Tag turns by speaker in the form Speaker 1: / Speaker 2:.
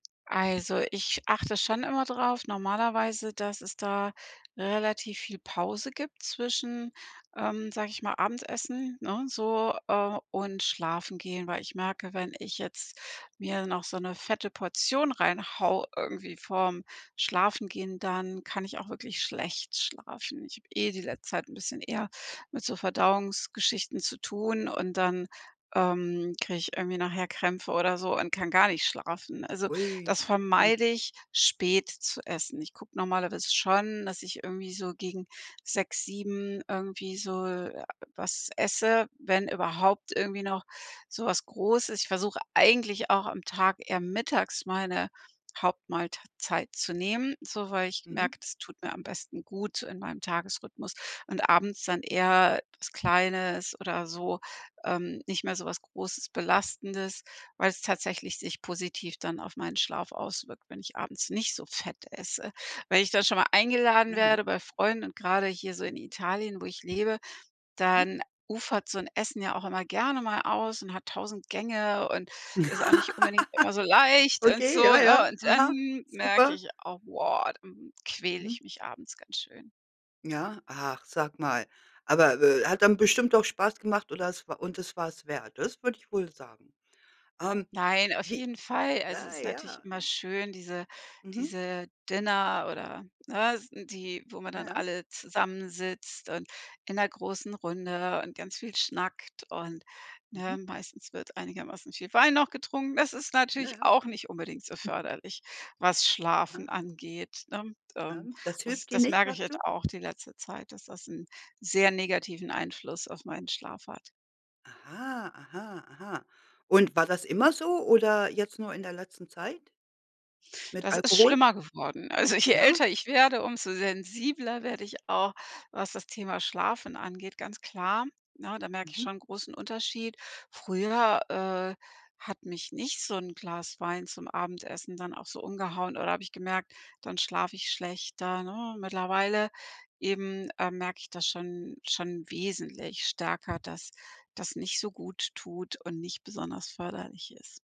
Speaker 1: Also, ich achte schon immer drauf normalerweise, dass es da relativ viel Pause gibt zwischen ähm, sag ich mal, Abendessen, ne, so, äh, und Schlafengehen. Weil ich merke, wenn ich jetzt mir noch so 'ne fette Portion reinhau irgendwie vorm Schlafengehen, dann kann ich auch wirklich schlecht schlafen. Ich hab eh die letzte Zeit 'n bisschen eher mit so Verdauungsgeschichten zu tun und dann, ähm, krieg ich irgendwie nachher Krämpfe oder so und kann gar nicht schlafen. Also,
Speaker 2: Ui.
Speaker 1: das
Speaker 2: Mhm.
Speaker 1: vermeide ich, spät zu essen. Ich guck normalerweise schon, dass ich irgendwie so gegen 18:00 19:00 irgendwie so j was esse, wenn überhaupt irgendwie noch so was Großes. Ich versuche eigentlich auch am Tag eher mittags meine Hauptmahlt zeit zu nehmen, so weil ich
Speaker 2: Mhm.
Speaker 1: merke, das tut mir am besten gut in meinem Tagesrhythmus, und abends dann eher was kleines oder so, ähm, nicht mehr so was großes, belastendes, weil's tatsächlich sich positiv dann auf meinen Schlaf auswirkt, wenn ich abends nicht so fett esse. Wenn ich dann schon mal eingeladen
Speaker 2: Aha.
Speaker 1: werde bei Freunden, und grade hier so in Italien, wo ich lebe,
Speaker 2: Mhm.
Speaker 1: dann ufert so 'n Essen ja auch immer gerne mal aus und hat 1000 Gänge und ist auch nicht unbedingt immer so leicht und
Speaker 2: Okay, ja,
Speaker 1: so,
Speaker 2: ja,
Speaker 1: ne? Und dann
Speaker 2: aha,
Speaker 1: merke
Speaker 2: super.
Speaker 1: ich au woah, quäl
Speaker 2: Mhm.
Speaker 1: ich mich abends ganz schön.
Speaker 2: Ja? Ach, sag mal. Aber be hat dann bestimmt doch Spaß gemacht oder es wa und es war es wert. Das würde ich wohl sagen. Ähm,
Speaker 1: Nein, auf
Speaker 2: wie
Speaker 1: jeden Fall. Also, es
Speaker 2: na
Speaker 1: ist natürlich
Speaker 2: ja
Speaker 1: immer schön, diese
Speaker 2: Mhm.
Speaker 1: diese Dinner oder, ne? S die, wo man dann
Speaker 2: Ja.
Speaker 1: alle zusammensitzt und in 'ner großen Runde und ganz viel schnackt und
Speaker 2: Mhm.
Speaker 1: ne? Meistens wird einigermaßen viel Wein noch getrunken. Das ist
Speaker 2: Ja,
Speaker 1: natürlich
Speaker 2: ja.
Speaker 1: auch nicht unbedingt so förderlich, was Schlafen
Speaker 2: Aha.
Speaker 1: angeht, ne?
Speaker 2: Ja,
Speaker 1: Ähm,
Speaker 2: das
Speaker 1: das
Speaker 2: hilft dir
Speaker 1: das
Speaker 2: nicht,
Speaker 1: merke ich
Speaker 2: sagst du?
Speaker 1: jetzt auch die letzte Zeit, dass das 'n sehr negativen Einfluss auf meinen Schlaf hat.
Speaker 2: Aha, aha, aha. Und war das immer so oder jetzt nur in der letzten Zeit? Mit
Speaker 1: Das ist
Speaker 2: Alkohol?
Speaker 1: schlimmer geworden. Also, je
Speaker 2: Ja?
Speaker 1: älter ich werde, umso sensibler werde ich auch, was das Thema Schlafen angeht, ganz klar, ne? Da merke ich
Speaker 2: Mhm.
Speaker 1: schon 'n großen Unterschied. Früher, äh, hat mich nicht so 'n Glas Wein zum Abendessen dann auch so umgehauen oder hab ich gemerkt, dann schlaf ich schlechter, ne? Mittlerweile eben, äh, merk ich das schon schon wesentlich stärker, dass das nicht so guttut und nicht besonders förderlich ist.